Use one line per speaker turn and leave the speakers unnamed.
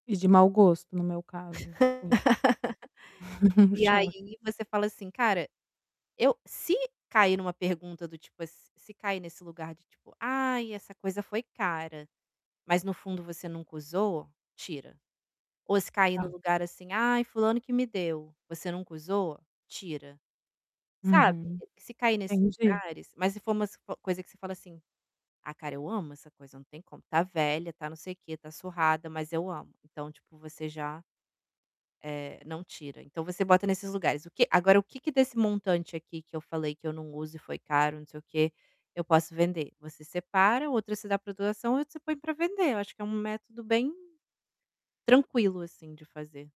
E de mau gosto no meu caso, assim. O
E
choque.
aí você fala assim: "Cara, eu se cair em uma pergunta do tipo se se cair nesse lugar de tipo, ai essa coisa foi cara.", mas no fundo você nunca usou, tira. Ou se cair no
Tá.
lugar assim: "Ai fulano que me deu.", você nunca usou, tira. Sabe?
Uhum,
Se cair nesses
entendi.
lugares, mas se for umas coisa que você fala assim, "Ah cara eu amo essa coisa, não tem como, está velha, está não sei o que, está surrada, mas eu amo". Então tipo você já, eh, não tira, então você bota nesses lugares, o que agora o que que desse montante aqui que eu falei que eu não uso e foi caro, não sei o que, eu posso vender? Você separa, outra você dá para doação, outra você põe para vender, eu acho que é um método bem, tranquilo assim de fazer.